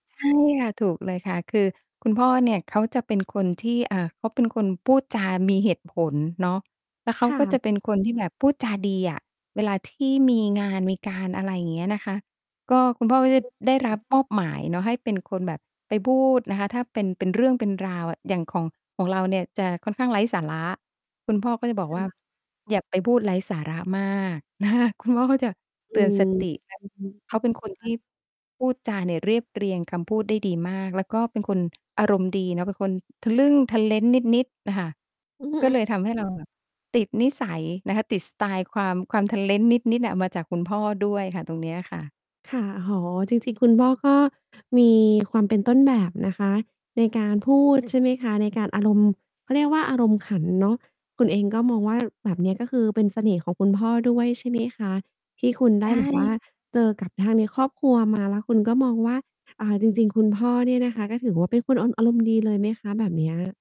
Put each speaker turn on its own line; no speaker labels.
ใช่ค่ะ ถูกเลยค่ะ คือคุณพ่อเนี่ยเขาจะเป็นคนที่ อ่า เขาเป็นคนพูดจามีเหตุผลเนาะ แล้วเขา
ค่
ก็
ะ
จะเป็นคน ที่แบบพูดจาดีอะ เวลาที่มีงานมีการ อะไรเงี้ยนะคะ ก็คุณพ่อก
อื
็
อฮ
จะ
ึ
ได้
อ
ร
ื
ับ
ม
มอบหมายเนาะให้เป็นคนแบบไปพูดนะคะ ถ้าเป็น เป็นเรื่องเป็นราว อย่างของ ของเราเนี่ยจะค่อนข้างไร้สาระ คุณพ่อก็จะ
ค
บอก
่
ว่า
ะ
"อย่าไปพูดไร้สาระมาก" นะคะ คุณพ่อก็จะ
อื
เตือน
ม
สติ แล้ว
อือฮึ
เ
อ
ข
ือ
าเป็นคน
อ
ท
ะฮ
ี
ะ
่ พูดจาเนี่ยเรียบเรียงคำพูดได้ดีมาก แล้วก็เป็นคน อารมณ์ดีเนาะ เป็นคน ทะลึ่งทะเล้นนิด ๆ น่ะค่ะ
อือฮ
ก็
ึ
เลยทำให้เรา แบบ ติดนิสัยนะคะ ติดสไตล์ความ ความทะเล้นนิด ๆ น่ะ มาจากคุณพ่อด้วยค่ะ ตรงเนี้ยค่ะ
ค่ะ อ๋อ จริง ๆ คุณพ่อก็ มี ความเป็นต้นแบบนะคะในการพูด
ใช่
ใช่
ค
ไหมค
่ะ
ะ ในการอารมณ์ เขาเรียกว่าอารมณ์ขันเนาะ คุณเองก็มองว่า แบบเนี้ย ก็คือเป็นเสน่ห์ของคุณพ่อด้วย ใช่ไหมคะ? ที่คุณไ
ใ
ด้
ช
แบบ ว่า
่
เจอกับทางในครอบครัว มา แล้วคุณก็มองว่า อ่า จริง ๆ คุณพ่อเนี่ย นะคะก็ถือว่าเป็นคน อ อารมณ์ดีเลยไหมคะ? แบบเนี้ย